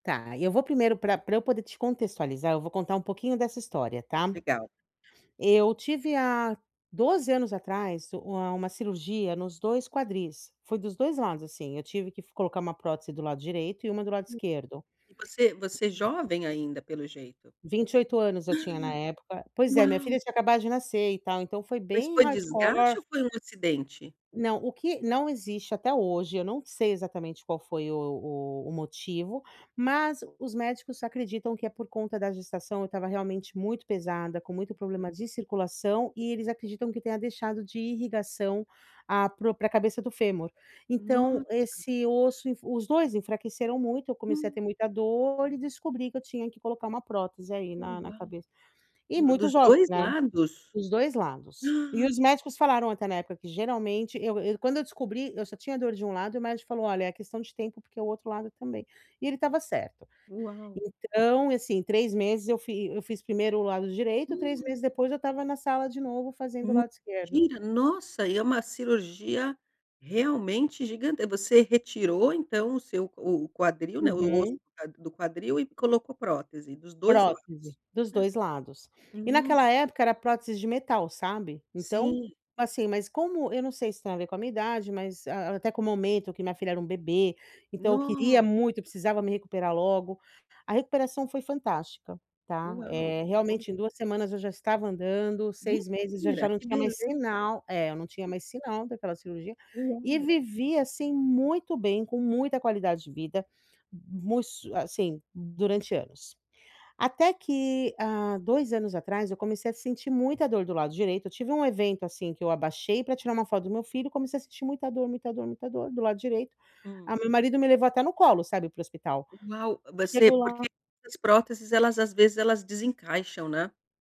Tá. E, eu vou primeiro pra pra eu poder te contextualizar, eu vou contar um pouquinho dessa história, tá? Legal. Eu tive há 12 anos atrás u uma uma cirurgia nos 2 quadris. Foi dos 2 lados, assim. Eu tive que f colocar uma prótese do lado direito e uma do lado Hum. esquerdo. E você você jovem ainda, pelo jeito. 28 anos eu tinha, na época. Pois é, minha Uau. filha tinha acabado de nascer, e tal. Então, foi Mas, bem foi desgaste hardcore. ou foi um acidente? Não, o que não existe até hoje eu não sei, exatamente, qual foi o o o motivo, mas, os médicos acreditam que é por conta da gestação eu estava, realmente, muito pesada, com muito Aham. problema de circulação, e eles acreditam que tenha deixado de ir irrigação a pro pra cabeça do fêmur. Então, Nossa! esse osso enf os 2 enfraqueceram muito, eu comecei a Hum. ter muita dor e descobri que eu tinha que colocar uma prótese aí, na na Uau. cabe E, D muito dos jovem, 2 né. lados? Dos 2 lados. E os médicos falaram até, na época, que, geralmente, eu eu quando eu descobri, eu só tinha dor de um lado e, o médico falou: "Olha, é questão de tempo, porque o outro lado também." E ele estava certo. Uau. Então, assim, 3 meses eu fi eu fiz primeiro o lado direito, 3 Hum. meses depois, eu estava na sala, de novo, fazendo o lado esquerdo. Mentira! Nossa, e é uma cirurgia, realmente, gigante você retirou, então, o seu o o quadril, né, o osso Uhum. d do quadril e colocou prótese dos 2 Prótese. lados. Dos 2 lados. E, No naquela época era prótese de metal, sabe. Então, Sim. assim mas como eu não sei se tem a ver com a minha idade, mas a até com o momento que minha filha era um bebê. Então, eu queria Nossa. muito, eu precisava me recuperar logo. A recuperação foi fantástica, tá, Uau. eh, Que bom. realmente, em 2 semanas eu já estava andando, 6 meses já já Mentira! não Que tinha mais beleza. sinal é, eu não tinha mais sinal daquela cirurgia. E, Uau. vivi assim muito bem com muita qualidade de vida mu s assim, durante anos. Até que há 2 anos atrás, eu comecei a sentir muita dor do lado direito eu tive um evento, assim, que eu abaixei, pra tirar uma foto do meu filho, e comecei a sentir muita dor, muita dor, muita dor, do lado direito, a Hum. meu marido me levou até no colo, sabe, para o hospital. Uau. V você Chego lá porque essas próteses, elas, às vezes, elas desencaixam, né?